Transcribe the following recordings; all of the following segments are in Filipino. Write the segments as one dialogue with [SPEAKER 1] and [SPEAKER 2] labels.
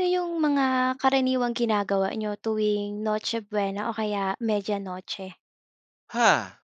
[SPEAKER 1] Ano yung mga karaniwang ginagawa niyo tuwing Noche Buena o kaya Media Noche?
[SPEAKER 2] Ha!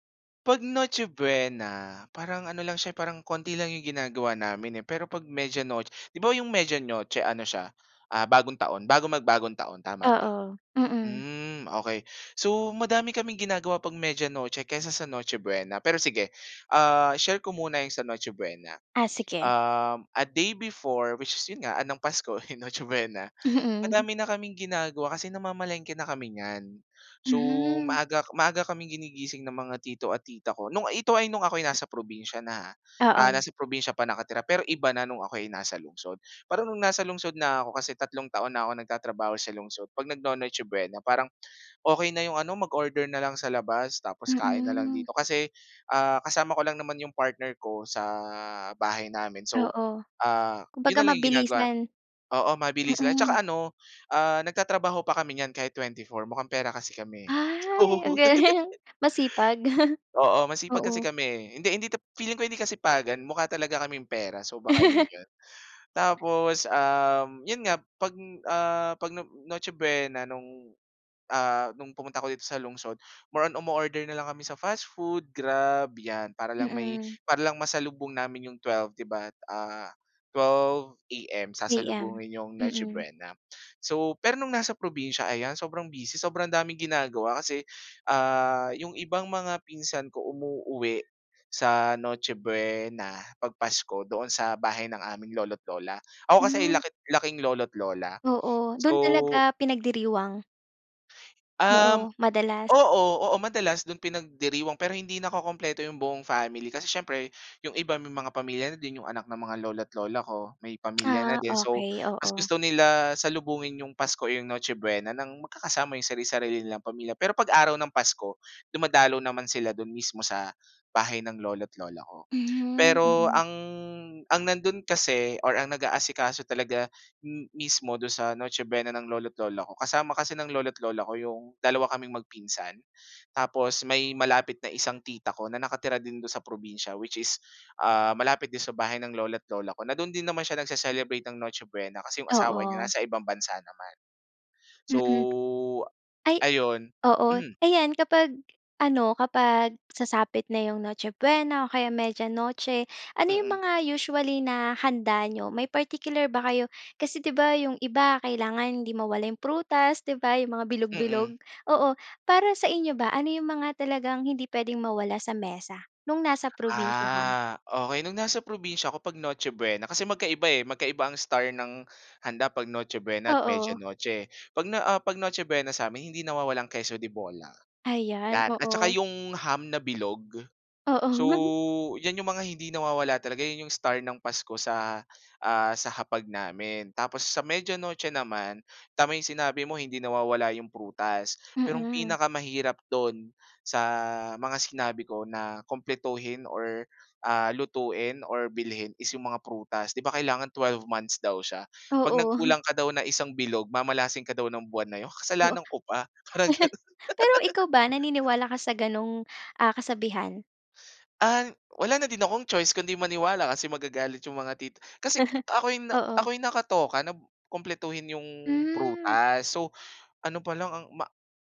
[SPEAKER 2] 'Pag Noche Buena, parang ano lang siya eh, parang konti lang yung ginagawa namin, eh, pero 'pag Media Noch 'di ba, yung Media Noche ano siya, ah, Bagong Taon bago mag Bagong Taon tama ba?
[SPEAKER 1] Oo, mm.
[SPEAKER 2] Hmm okey, so madami kaming ginagawa 'pag Media Noche kaysa sa Noche Buena pero sige, ah, share ko muna yung sa Noche Buena.
[SPEAKER 1] Ah, sige.
[SPEAKER 2] Uhm, a day before, which is 'yon nga ng Pasko, Noche Buena.
[SPEAKER 1] Mm.
[SPEAKER 2] Madami na kaming ginagawa kasi namamalengke na kami nyan. So,
[SPEAKER 1] Mhm.
[SPEAKER 2] maaga maaga kaming ginigising ng mga tito at tita ko, no'ng ito ay nung ako'y nasa probinsiya na ah, ah,
[SPEAKER 1] Oo.
[SPEAKER 2] nasa probinsiya pa nakatira pero iba na no'ng ako'y nasa lungsod. Para no'ng nasa lungsod na ako, kasi tatlong taon na ako nagtatrabaho sa lungsod, 'pag nagno-Noche Buena parang okey na yung ano mag-order na lang sa labas tapos kain na lang
[SPEAKER 1] Mhm.
[SPEAKER 2] dito kasi, ah, kasama ko lang naman yung partner ko sa bahay namin so,
[SPEAKER 1] Oo,
[SPEAKER 2] ah, 'yon
[SPEAKER 1] kumbaga
[SPEAKER 2] na lang yung ginagawa
[SPEAKER 1] mabilisan.
[SPEAKER 2] oo, mabilisan lang
[SPEAKER 1] Mm.
[SPEAKER 2] 'tsaka ano, ah, nagtatrabaho pa kami nyan kahit 24 mukhang pera kasi kami, oo
[SPEAKER 1] Ay, ang galing, masipag.
[SPEAKER 2] oo, masipag kasi
[SPEAKER 1] Oo.
[SPEAKER 2] kami, eh. Hindi hindi feeling ko hindi kasipagan mukha talaga kaming pera so, baka 'yon 'yon. Tapos, um, 'yon nga 'pag, ah, 'pag No Noche Buena nung, ah, nung pumunta ako dito sa lungsod more on umo-order na lang kami sa fast food, grab 'yan. Para lang may
[SPEAKER 1] Mm.
[SPEAKER 2] para lang masalubong namin yung 12 'di ba? Ah, 12 AM
[SPEAKER 1] AM,
[SPEAKER 2] sasalubungin yung Noche
[SPEAKER 1] mm.
[SPEAKER 2] Buena. So, pero nung nasa probinsiya, ayan, sobrang busy, sobrang daming ginagawa kasi, ah, yung ibang mga pinsan ko umuuwi sa Noche Buena, 'pag Pasko doon sa bahay ng aming lolo't lola. Ako kasi
[SPEAKER 1] Hmm.
[SPEAKER 2] laki laking lolo't lola
[SPEAKER 1] Oo, do'n
[SPEAKER 2] so
[SPEAKER 1] talaga pinagdiriwang.
[SPEAKER 2] Um
[SPEAKER 1] Oo, madalas.
[SPEAKER 2] oo, oo, madalas dun pinagdiriwang pero hindi nakokumpleto yung buong family kasi siyempre yung iba may mga pamilya na din. Yung anak ng mga lolo't lola ko may pamilya na
[SPEAKER 1] Ah,
[SPEAKER 2] din. So,
[SPEAKER 1] okey,
[SPEAKER 2] mas
[SPEAKER 1] oo.
[SPEAKER 2] gusto nila salubungin yung pasko o yung Noche Buena nang magkakasama yung sari-sarili nilang pamilya. Pero pag-araw ng Pasko dumadalaw naman sila dun mismo sa bahay ng lolo't lola ko.
[SPEAKER 1] Mhm,
[SPEAKER 2] Pero
[SPEAKER 1] mm.
[SPEAKER 2] ang ang nandun kasi or ang nag-aasikaso talaga m mismo dun sa Noche Buena ng lolo't lola ko, kasama kasi ng lolo't lola ko yung dalawa kaming magpinsan, tapos may malapit na isang tita ko na nakatira din dun sa probinsiya, which is, ah, malapit din sa bahay ng lolo't lola ko na dun din naman siya nagse-celebrate ng Noche Buena kasi yung asawa niya
[SPEAKER 1] Oo.
[SPEAKER 2] nasa ibang bansa naman. So
[SPEAKER 1] Mm. Ay,
[SPEAKER 2] ayun,
[SPEAKER 1] oo.
[SPEAKER 2] hmm.
[SPEAKER 1] Ayan kapag ano, kapag sasapit na yung Noche Buena o kaya Media Noche, ano yung
[SPEAKER 2] Mm.
[SPEAKER 1] mga usually na handa n'yo, may particular ba kayo, kasi di ba yung iba kailangan hindi mawala yung prutas, di ba, yung mga
[SPEAKER 2] Mm.
[SPEAKER 1] bilog-bilog, oo. Para sa inyo ba ano yung mga talagang hindi puwedeng mawala sa mesa nung nasa probinsiya ka?
[SPEAKER 2] Ah, okey nung nasa probinsiya ako pag Noche Buena, kasi magkaiba eh, magkaiba ang star ng handa pag Noche Buena at Media
[SPEAKER 1] Oo.
[SPEAKER 2] Noche, eh. 'Pag na ah, 'pag Noche Buena sa'min hindi nawawala ang queso de bola,
[SPEAKER 1] Ayan
[SPEAKER 2] yan at saka
[SPEAKER 1] oo.
[SPEAKER 2] yung ham na bilog.
[SPEAKER 1] Oo.
[SPEAKER 2] So, yan yung mga hindi nawawala talaga yun yung star ng Pasko sa ah, sa hapag namin. Tapos sa Media Noche naman, tama yung sinabi mo hindi nawawala yung prutas. Pero ang
[SPEAKER 1] Mm.
[SPEAKER 2] pinakamahirap dun sa mga sinabi ko na kumpletuhin or ah, lutuin or bilhin is yung mga prutas. 'Di ba kailangan twelve months daw siya 'pag
[SPEAKER 1] Oo.
[SPEAKER 2] nagkulang ka daw ng isang bilog mamalasin ka daw ng buwan na yun,
[SPEAKER 1] Oo.
[SPEAKER 2] kasalanan ko pa, parang ganun.
[SPEAKER 1] Pero ikaw ba naniniwala ka sa ganung ah, kasabihan?
[SPEAKER 2] Ah, wala na din akong choice kundi maniwala, kasi magagalit yung mga tit kasi ako 'yung
[SPEAKER 1] Oo.
[SPEAKER 2] ako 'yung nakatoka na kumpletuhin 'yung
[SPEAKER 1] Hmm.
[SPEAKER 2] prutas. So, ano pa lang, ang ma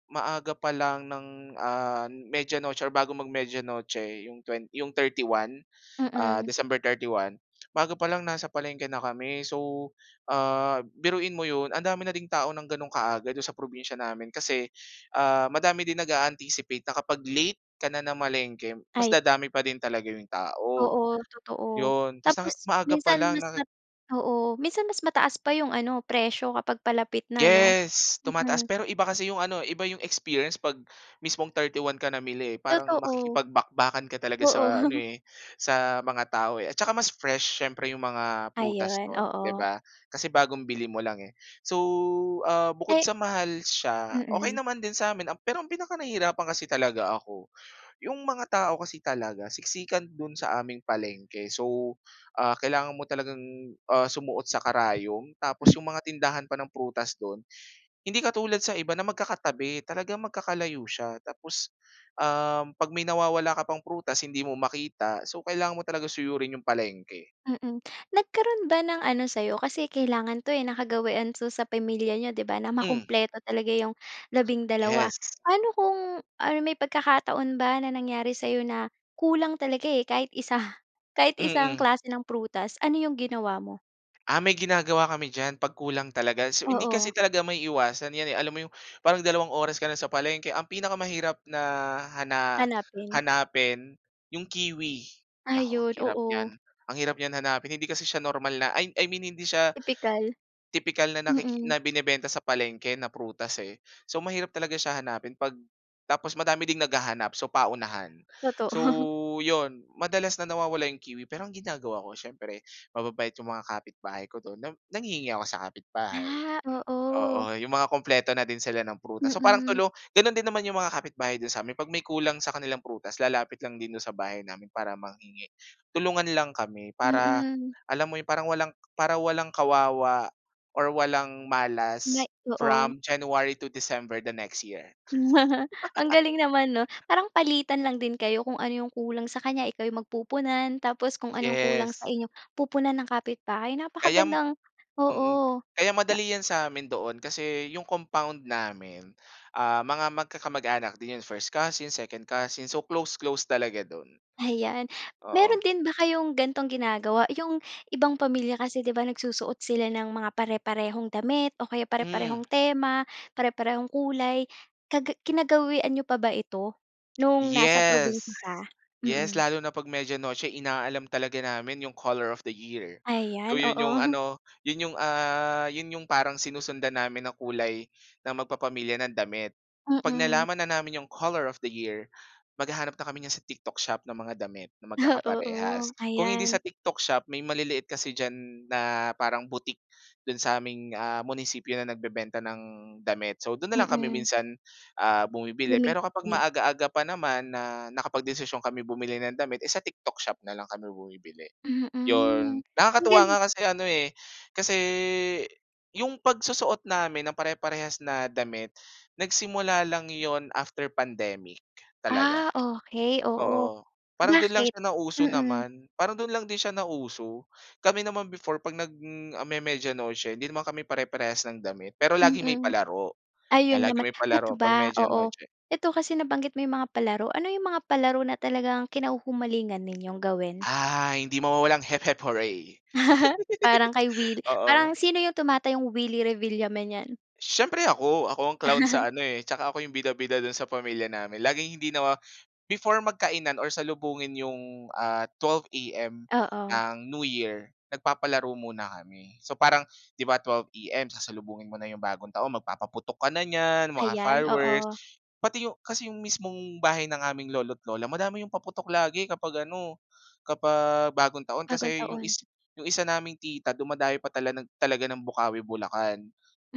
[SPEAKER 2] maaga pa lang ng, ah, Media Noche or bago mag-Media Noche, 'yung twen 'yung 31, ah,
[SPEAKER 1] Mm.
[SPEAKER 2] December 31, bago pa lang, nasa palengke na kami. So, ah, biruin mo yon, ang dami na ding tao nang gano'ng kaaga, do'n sa probinsya namin. Kasi, ah, madami din nag-a-anticipate na kapag late ka na namalengke, mas
[SPEAKER 1] Ay.
[SPEAKER 2] dadami pa din talaga yung tao,
[SPEAKER 1] Oo, totoo.
[SPEAKER 2] 'yon. Tas' na
[SPEAKER 1] Tapos
[SPEAKER 2] maaga pa
[SPEAKER 1] minsan
[SPEAKER 2] lang
[SPEAKER 1] mas
[SPEAKER 2] naki
[SPEAKER 1] mat oo, minsan mas mataas pa yung ano, presyo kapag palapit na 'no?
[SPEAKER 2] Yes. Tumataas,
[SPEAKER 1] Mm.
[SPEAKER 2] pero iba kasi yung ano iba yung experience 'pag mismong 31 ka namili eh, parang
[SPEAKER 1] Totoo.
[SPEAKER 2] makikipagbakbakan ka talaga
[SPEAKER 1] Oo.
[SPEAKER 2] sa ano eh, sa mga tao eh. At saka mas fresh siyempre 'yong mga prutas
[SPEAKER 1] Ayon,
[SPEAKER 2] no'n, 'di
[SPEAKER 1] oo.
[SPEAKER 2] ba, kasi bagong bili mo lang eh. So, ah, bukod
[SPEAKER 1] Eh
[SPEAKER 2] sa mahal siya, okey
[SPEAKER 1] Mm.
[SPEAKER 2] naman din sa'min, um, pero ang pinaka-nahirapan kasi talaga ako, yung mga tao kasi talaga, siksikan do'n sa aming palengke. So, ah, kailangan mo talagang, ah, sumuot sa karayom tapos 'yung mga tindahan pa ng prutas do'n, hindi katulad sa iba na magkakatabi, talagang magkakalayo siya. Tapos, um, 'pag may nawawala ka pang prutas, hindi mo makita, so kailangan mo talaga suyurin yung palengke.
[SPEAKER 1] Mm. Nagkaroon ba ng ano sa'yo? Kasi kailangan 'to eh, nakagawian 'to sa pamilya niyo 'di ba na
[SPEAKER 2] Hmm.
[SPEAKER 1] makumpleto talaga yung labindalawa.
[SPEAKER 2] Yes.
[SPEAKER 1] Pa'no kung or may pagkakataon ba na nangyari sa'yo na, kulang talaga eh, kahit isa kahit isang
[SPEAKER 2] Mm.
[SPEAKER 1] klase ng prutas? Ano 'yung ginawa mo?
[SPEAKER 2] Ah, may ginagawa kami diyan 'pag kulang talaga. So hindi kasi
[SPEAKER 1] Oo.
[SPEAKER 2] talaga maiiwasan 'yan eh. Alam mo 'yung parang dalawang oras ka na sa palengke ang pinakamahirap na hana
[SPEAKER 1] Hanapin.
[SPEAKER 2] hanapin 'yung kiwi. Naku ang
[SPEAKER 1] Ayun,
[SPEAKER 2] hirap
[SPEAKER 1] oo.
[SPEAKER 2] niyan, ang hirap niyang hanapin hindi kasi siya normal na I I mean hindi siya
[SPEAKER 1] Tipikal.
[SPEAKER 2] tipikal na nakiki
[SPEAKER 1] Mm.
[SPEAKER 2] na binebenta sa palengke na prutas, eh. So mahirap talaga siya hanapin pag tapos madami ding naghahanap so paunahan.
[SPEAKER 1] Totoo.
[SPEAKER 2] So 'yon madalas na nawawala 'yong kiwi pero ang ginagawa ko siyempre mababait 'yong mga kapitbahay ko do'n na nanghihingi ako sa kapit-bahay.
[SPEAKER 1] Ah, oo.
[SPEAKER 2] Oo, 'yong mga kumpleto na din sila ng prutas. So parang
[SPEAKER 1] Mm.
[SPEAKER 2] tulong gano'n din naman 'yong mga kapitbahay do'n sa amin. 'Pag may kulang sa kanilang prutas lalapit lang din do'n sa bahay namin para manghingi. Tulungan lang kami, para
[SPEAKER 1] Mm.
[SPEAKER 2] alam mo 'yon parang walang para walang kawawa or walang malas
[SPEAKER 1] May oo.
[SPEAKER 2] from January to December the next year.
[SPEAKER 1] Ang galing naman, 'no? Parang palitan lang din kayo. Kung ano 'yong kulang sa kanya ikaw 'yung magpupunan, tapos kung ano 'yong kulang sa
[SPEAKER 2] Yes.
[SPEAKER 1] inyo pupunan ng kapitbahay.
[SPEAKER 2] Kayam
[SPEAKER 1] Napakagandang
[SPEAKER 2] mm.
[SPEAKER 1] oo.
[SPEAKER 2] Kaya
[SPEAKER 1] Na
[SPEAKER 2] madali 'yan sa amin doon kasi 'yung compound namin, ah, mga magkakamag-anak din yun. First cousin, second cousin, so, close close talaga do'n.
[SPEAKER 1] Ayan. Meron
[SPEAKER 2] Oo.
[SPEAKER 1] din ba kayong ganitong ginagawa? 'Yong ibang pamilya kasi 'di ba, nagsusuot sila ng mga pare-parehong damit o kaya
[SPEAKER 2] Hmm.
[SPEAKER 1] pare-parehong tema, pare-parehong kulay. Kagi kinagawian n'yo pa ba ito, no'ng nasa probinsiya
[SPEAKER 2] Yes.
[SPEAKER 1] ka?
[SPEAKER 2] Yes,
[SPEAKER 1] Mm.
[SPEAKER 2] lalo na 'pag Media Noche inaalam talaga namin 'yong color of the year. So,
[SPEAKER 1] Ayan,
[SPEAKER 2] 'yon 'yong
[SPEAKER 1] oo.
[SPEAKER 2] ano, 'yon 'yong, ah, 'yon 'yong parang sinusundan namin na kulay ng magpapamilya ng damit. 'Pag
[SPEAKER 1] Mm.
[SPEAKER 2] nalaman na namin 'yong color of the year maghahanap na kami niyan sa TikTok Shop ng mga damit na
[SPEAKER 1] Ah,
[SPEAKER 2] magkakaparehas.
[SPEAKER 1] oo.
[SPEAKER 2] Kung hindi
[SPEAKER 1] Ayan.
[SPEAKER 2] sa TikTok Shop, may maliliit kasi diyan na parang boutique do'n sa aming ah, munisipyo na nagbebenta ng damit. So do'n na lang kami
[SPEAKER 1] Mm.
[SPEAKER 2] minsan, ah, bumibili pero kapag
[SPEAKER 1] Bumibili.
[SPEAKER 2] maaga-aga pa naman na nakapag-desisyon kami bumili ng damit eh, sa TikTok Shop na lang kami bumibili, 'yon.
[SPEAKER 1] Mm. Ang
[SPEAKER 2] Nakakatuwa
[SPEAKER 1] galing.
[SPEAKER 2] nga kasi ano, eh, kasi 'yung pagsusuot namin nang pare-parehas na damit, nagsimula lang yun after pandemic talaga.
[SPEAKER 1] Ah, okey. Oo.
[SPEAKER 2] Oo. Parang do'n lang
[SPEAKER 1] Bakit?
[SPEAKER 2] siya nauso
[SPEAKER 1] Mm.
[SPEAKER 2] naman. Parang do'n lang din siya nauso. Kami naman before 'pag nag m ah me Media Noche 'di naman kami pare-parehas ng damit, pero lagi may
[SPEAKER 1] Mm.
[SPEAKER 2] palaro. Kaya
[SPEAKER 1] Ayun
[SPEAKER 2] lagi
[SPEAKER 1] naman.
[SPEAKER 2] may
[SPEAKER 1] Eto
[SPEAKER 2] palaro 'pag
[SPEAKER 1] ba,
[SPEAKER 2] Media
[SPEAKER 1] oo.
[SPEAKER 2] Noche.
[SPEAKER 1] Eto kasi nabanggit mo 'yung mga palaro, ano 'yung mga palaro na talagang kinahuhumalingan ninyong gawin?
[SPEAKER 2] Ah, hindi mawawala ang Hep hep hooray.
[SPEAKER 1] Parang kay Will
[SPEAKER 2] Oo.
[SPEAKER 1] parang sino 'yung tumatayong Willie Revillame niyan?
[SPEAKER 2] Siyempre ako. Ako ang clown sa ano eh. Tsaka ako 'yong bida-bida do'n sa pamilya namin. Laging hindi nawa before magkainan or salubungin 'yong ah 12 AM,
[SPEAKER 1] Oo.
[SPEAKER 2] ang New Year, nagpapalaro muna kami. So parang 'di ba, 12 AM, sasalubungin mo na 'yong bagong taon magpapaputok ka na niyan, mga
[SPEAKER 1] Ayan,
[SPEAKER 2] fireworks.
[SPEAKER 1] oo.
[SPEAKER 2] Pati 'yong kasi 'yong mismong bahay ng aming lolo't lola madami 'yong paputok lagi kapag ano, kapag Bagong Taon
[SPEAKER 1] Bagong
[SPEAKER 2] kasi 'yong
[SPEAKER 1] Taon.
[SPEAKER 2] is 'yong isa naming tita dumadayo pa tala ng talaga ng Bocaue, Bulacan.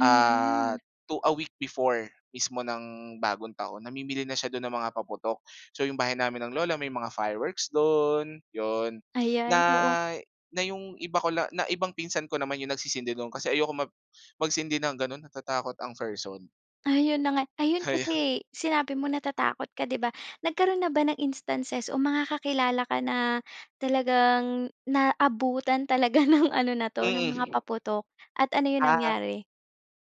[SPEAKER 2] Ah to a week before mismo ng Bagong Taon namimili na siya do'n ng mga paputok. So, 'yong bahay namin ng lola, may mga fireworks do'n, 'yon. Na
[SPEAKER 1] Ayan, oo.
[SPEAKER 2] na 'yong iba ko la na ibang pinsan ko naman 'yong nagsisindi no'n kasi ayoko mag magsindi ng gano'n. Natatakot ang person.
[SPEAKER 1] Ayun na nga. Ayun
[SPEAKER 2] Kaya ang.
[SPEAKER 1] kasi, sinabi mo natatakot ka 'di ba? Nagkaroon na ba ng instances o mga kakilala ka na talagang naabutan talaga ng ano na 'to ng mga
[SPEAKER 2] Mm.
[SPEAKER 1] paputok at ano 'yung
[SPEAKER 2] Ah.
[SPEAKER 1] nangyari?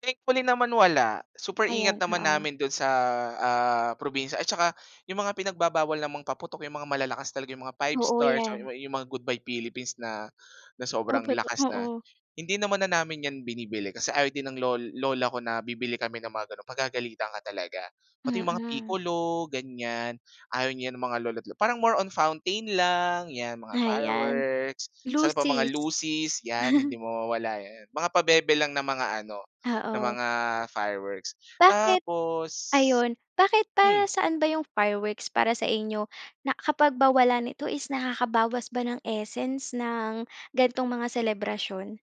[SPEAKER 2] Thankfully naman wala. Super
[SPEAKER 1] Ayan,
[SPEAKER 2] ingat naman
[SPEAKER 1] oo.
[SPEAKER 2] namin do'n sa ah, probinsya at tsaka 'yung mga pinagbabawal namang paputok 'yung mga malalakas talaga 'yung mga Five
[SPEAKER 1] Oo,
[SPEAKER 2] Stars, or
[SPEAKER 1] 'yan.
[SPEAKER 2] yu 'yung mga Goodbye Philippines na na
[SPEAKER 1] Oh,
[SPEAKER 2] sobrang
[SPEAKER 1] tot
[SPEAKER 2] lakas na,
[SPEAKER 1] oo.
[SPEAKER 2] hindi naman na namin 'yan binibili. Kasi ayaw din ng lol lola ko na bibili kami ng mga gano'n. Pagagalitan ka talaga. Pati 'yung mga
[SPEAKER 1] Mm.
[SPEAKER 2] Piccolo ganyan, ayaw niyan ng mga lolo't lo parang more on fountain lang 'yan mga
[SPEAKER 1] Ayan.
[SPEAKER 2] fireworks. Tapos ano pa, mga
[SPEAKER 1] Lusis.
[SPEAKER 2] lusis 'yan. Hindi mawawala 'yan. Mga pabebe lang na mga ano na mga
[SPEAKER 1] Oo.
[SPEAKER 2] fireworks.
[SPEAKER 1] Bakit?
[SPEAKER 2] Tapos,
[SPEAKER 1] Ayun. Bakit para
[SPEAKER 2] hmm.
[SPEAKER 1] saan ba 'yong fireworks para sa inyo? Na kapag ba wala nito is nakakabawas ba ng essence ng ganitong mga selebrasyon?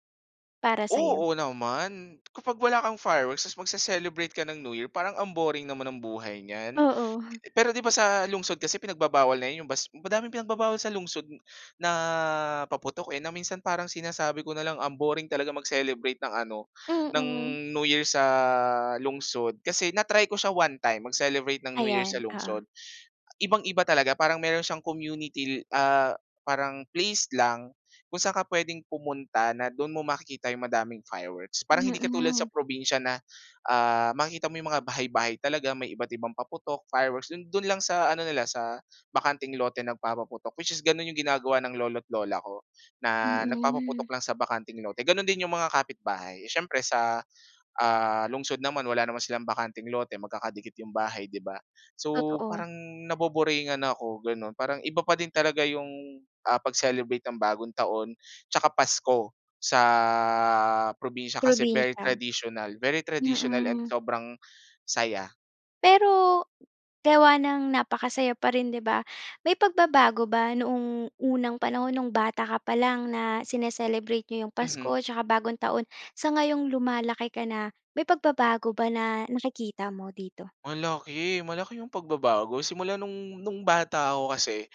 [SPEAKER 1] Para sa'yo?
[SPEAKER 2] Oo naman. Kapag wala kang fireworks tapos magce-celebrate ka ng New Year, parang ang boring naman ng buhay niyan.
[SPEAKER 1] Oo.
[SPEAKER 2] Pero 'di ba, sa lungsod kasi pinagbabawal na 'yong bas madaming pinagbabawal sa lungsod na paputok, eh. Na minsan parang sinasabi ko na lang ang boring talaga mag-celebrate ng ano ng
[SPEAKER 1] Mm.
[SPEAKER 2] New Year sa lungsod kasi na-try ko siya one-time mag-celebrate ng New Year sa
[SPEAKER 1] Ayan, oo.
[SPEAKER 2] lungsod. Ibang-iba talaga. Parang meron siyang community, ah, parang place lang kung saan ka pwedeng pumunta na do'n mo makikita 'yung madaming fireworks. Parang hindi katulad
[SPEAKER 1] Mm.
[SPEAKER 2] sa probinsiya na ah, makikita mo 'yung mga bahay-bahay talaga may iba't ibang paputok, fireworks. Do'n do'n lang sa ano nila sa bakanteng lote nagpapaputok, which is gano'n 'yung ginagawa ng lolo't lola ko. Na
[SPEAKER 1] Mm.
[SPEAKER 2] nagpapaputok lang sa bakanteng lote. Gano'n din 'yung mga kapitbahay. Siyempre sa, ah, lungsod naman wala naman silang bakanteng lote. Magkakadikit 'yong bahay, 'di ba? So
[SPEAKER 1] Totoo.
[SPEAKER 2] parang naboboringan ako gano'n. Parang iba pa din talaga 'yong ah, pag-celebrate ng Bagong Taon, tsaka Pasko sa probinsiya kasi very
[SPEAKER 1] Probinsiya.
[SPEAKER 2] traditional. Very traditional and
[SPEAKER 1] Mm.
[SPEAKER 2] sobrang saya.
[SPEAKER 1] Pero, gawa nang napakasaya pa rin 'di ba, may pagbabago ba noong unang panahon, nung bata ka pa lang na sini-celebrate niyo yung
[SPEAKER 2] Mhm.
[SPEAKER 1] Pasko tsaka Bagong Taon, sa ngayong lumalaki ka na? May pagbabago ba na nakikita mo dito?
[SPEAKER 2] Malaki, malaki 'yong pagbabago. Simula no'ng no'ng bata ako kasi,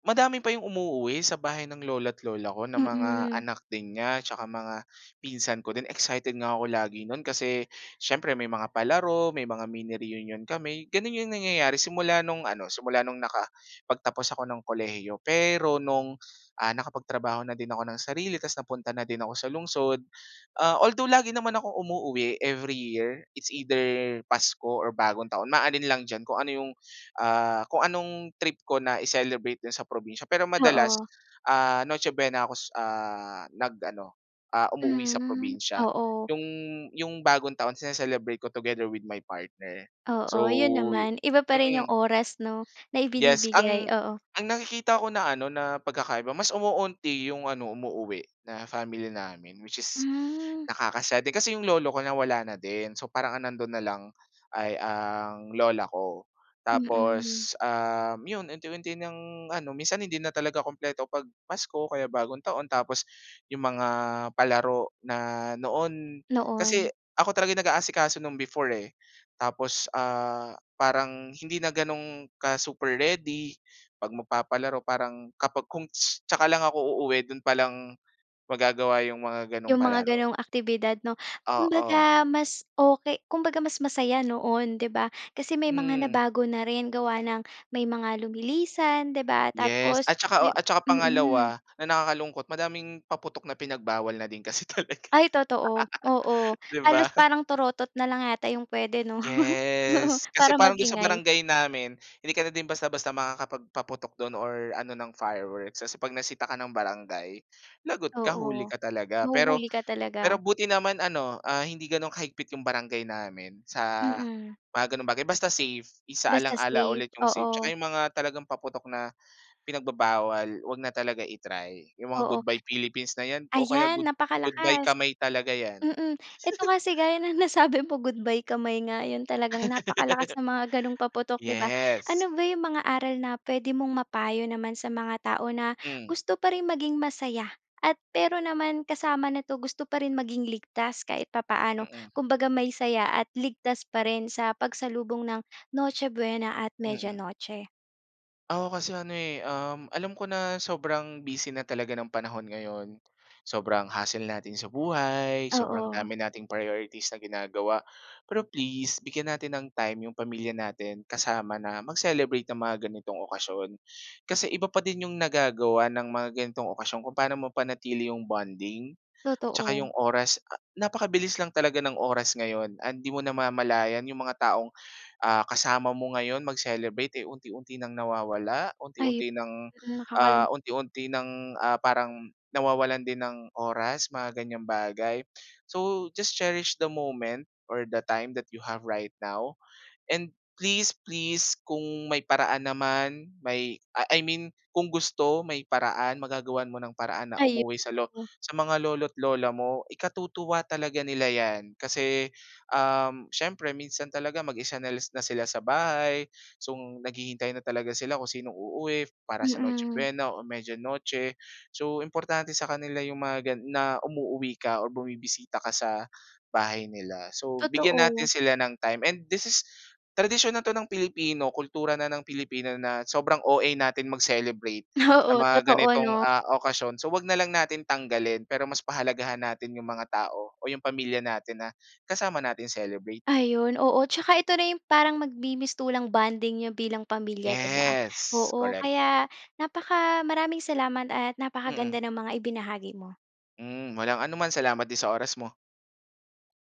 [SPEAKER 2] madami pa 'yong umuuwi sa bahay ng lolo't lola ko na mga
[SPEAKER 1] Mm.
[SPEAKER 2] anak din niya tsaka mga pinsan ko din. Excited nga ako lagi no'n kasi siyempre may mga palaro, may mga mini reunion kami. Gano'n 'yong nangyayari simula no'ng ano, simula no'ng nakapagtapos ako ng kolehiyo. Pero no'ng, ah, nakapagtrabaho na din ako ng sarili ta's napunta na din ako sa lungsod, ah, although, lagi naman akong umuuwi every year. It's either Pasko or Bagong Taon, maalin lang diyan kung ano 'yong, ah, kung anong trip ko na i-celebrate diyan sa probinsiya. Pero madalas,
[SPEAKER 1] Oo.
[SPEAKER 2] ah, Noche Buena ako, s ah, nag-ano, ah, umuuwi sa
[SPEAKER 1] Hmm,
[SPEAKER 2] probinsiya.
[SPEAKER 1] oo.
[SPEAKER 2] 'Yong 'yong Bagong Taon sini-celebrate ko together with my partner. So,
[SPEAKER 1] Oo, 'yon
[SPEAKER 2] yu
[SPEAKER 1] naman. Iba pa rin 'yong
[SPEAKER 2] mm.
[SPEAKER 1] oras 'no, na
[SPEAKER 2] Yes.
[SPEAKER 1] ibinibigay,
[SPEAKER 2] Ang
[SPEAKER 1] oo.
[SPEAKER 2] ang nakikita ko na ano, na pagkakaiba, mas umuunti yung ano, umuuwi, na family namin which is
[SPEAKER 1] Hmm.
[SPEAKER 2] nakaka-sad din. Kasi 'yong lolo ko, nawala na din. So, parang ang nandoon na lang ay ang lola ko.
[SPEAKER 1] Mm.
[SPEAKER 2] Tapos, um, 'yon, unti-unti ng ano, minsan hindi na talaga kumpleto 'pag Pasko o kaya Bagong Taon tapos 'yong mga palaro na noon kasi
[SPEAKER 1] Noon.
[SPEAKER 2] ako talaga yung nag-aasikaso no'n before eh. Tapos, ah, parang hindi na gano'n ka super ready 'pag magpapalaro, parang kapag kung tsaka lang ako uuwi do'n pa lang magagawa 'yong mga ganong
[SPEAKER 1] 'Yong mga
[SPEAKER 2] palaro.
[SPEAKER 1] ganong aktibidad 'no.
[SPEAKER 2] Oo.
[SPEAKER 1] Kumbaga mas okey kumbaga mas masaya noon 'di ba? Kasi may mga
[SPEAKER 2] Mm.
[SPEAKER 1] nabago na rin, gawa ng may mga lumilisan 'di ba,
[SPEAKER 2] Yes.
[SPEAKER 1] tapos
[SPEAKER 2] At saka o
[SPEAKER 1] may
[SPEAKER 2] at saka
[SPEAKER 1] mm.
[SPEAKER 2] pangalawa na nakakalungkot madaming paputok na pinagbawal na din kasi talaga
[SPEAKER 1] Ay totoo, oo.
[SPEAKER 2] 'di ba?
[SPEAKER 1] Halos parang torotot na lang yata 'yong puwede 'no? Oo,
[SPEAKER 2] Yes.
[SPEAKER 1] para
[SPEAKER 2] Kasi parang dun sa
[SPEAKER 1] mag-ingay.
[SPEAKER 2] barangay namin, hindi ka na din basta basta makakapagpaputok dun or ano ng fireworks. Kasi 'pag nasita ka ng barangay, lagot ka, huli
[SPEAKER 1] Oo.
[SPEAKER 2] ka talaga. Pero
[SPEAKER 1] Mahuhuli ka
[SPEAKER 2] pero
[SPEAKER 1] talaga.
[SPEAKER 2] buti naman ano, ah, hindi ganun kahigpit 'yong barangay namin sa
[SPEAKER 1] Mm.
[SPEAKER 2] mga gano'ng bagay. Basta safe,
[SPEAKER 1] Basta
[SPEAKER 2] isa-alang-ala
[SPEAKER 1] safe,
[SPEAKER 2] ulit yung safety.
[SPEAKER 1] oo.
[SPEAKER 2] Tsaka yung mga talagang paputok na pinagbabawal, huwag na talaga i-try. Yung mga
[SPEAKER 1] Oo.
[SPEAKER 2] Goodbye Philippines na 'yan o kaya
[SPEAKER 1] Ayan
[SPEAKER 2] good goodbye
[SPEAKER 1] napakalakas,
[SPEAKER 2] kamay talaga 'yan.
[SPEAKER 1] mm. Eto kasi gaya ng nasabi mo, goodbye kamay nga 'yon, talagang napakalakas ng mga ganong paputok 'di ba.
[SPEAKER 2] Yes.
[SPEAKER 1] Ano ba 'yong mga aral na puwede mong mapayo naman sa mga tao na
[SPEAKER 2] Hmm.
[SPEAKER 1] gusto pa rin maging masaya, at pero naman kasama nito gusto pa rin maging ligtas kahit papaano,
[SPEAKER 2] Mm.
[SPEAKER 1] kumbaga may saya at ligtas pa rin sa pagsalubong ng Noche Buena at Media
[SPEAKER 2] Mm.
[SPEAKER 1] Noche?
[SPEAKER 2] Ako kasi ano eh, um, alam ko na sobrang busy na talaga ng panahon ngayon sobrang hassle natin sa buhay sobrang
[SPEAKER 1] Oo.
[SPEAKER 2] dami nating priorities na ginagawa pero please bigyan natin ng time yung pamilya natin kasama na mag-celebrate ng mga ganitong okasyon. Kasi iba pa din yung nagagawa ng mga ganitong okasyon kung paano mapanatili yung bonding, tsaka
[SPEAKER 1] Totoo.
[SPEAKER 2] yung oras napakabilis lang talaga ng oras ngayon and hindi mo namamalayan yung mga taong, ah, kasama mo ngayon mag-celebrate eh, unti-unti ng nawawala
[SPEAKER 1] Ay,
[SPEAKER 2] unti-unti ng,
[SPEAKER 1] mm,
[SPEAKER 2] ah,
[SPEAKER 1] nakakalung
[SPEAKER 2] unti-unti ng, ah, parang nawawalan din ng oras mga ganyang bagay. So just cherish the moment or the time that you have right now and please, please kung may paraan naman may a I mean kung gusto may paraan magagawan mo ng paraan na
[SPEAKER 1] Ay,
[SPEAKER 2] umuwi sa lo
[SPEAKER 1] oo.
[SPEAKER 2] sa mga lolo't lola mo. Ikatutuwa talaga nila 'yan kasi, um, siyempre minsan talaga mag-isa na na sila sa bahay, so naghihintay na talaga sila kung sinong uuwi para sa Noche
[SPEAKER 1] Mm.
[SPEAKER 2] Buena o Media Noche. So importante sa kanila yung mga gan na umuuwi ka or bumibisita ka sa bahay nila. So bigyan
[SPEAKER 1] Totoo.
[SPEAKER 2] natin sila ng time and this is tradisyon na ito ng Pilipino kultura na ng Pilipino na sobrang OA natin mag-celebrate sa
[SPEAKER 1] Oo.
[SPEAKER 2] mga
[SPEAKER 1] Totoo,
[SPEAKER 2] ganitong
[SPEAKER 1] 'no.
[SPEAKER 2] ah, okasyon. So huwag na lang natin tanggalin pero mas pahalagahan natin yung mga tao o yung pamilya natin na kasama natin i-celebrate.
[SPEAKER 1] Ayun. Oo, tsaka ito na yung parang magmi-mistulang bonding n'yo bilang pamilya, 'di ba?
[SPEAKER 2] Yes,
[SPEAKER 1] Oo,
[SPEAKER 2] correct.
[SPEAKER 1] kaya napaka maraming salamat at
[SPEAKER 2] Mm.
[SPEAKER 1] napakaganda ng mga ibinahagi mo.
[SPEAKER 2] Hmm, walang anuman salamat din sa oras mo.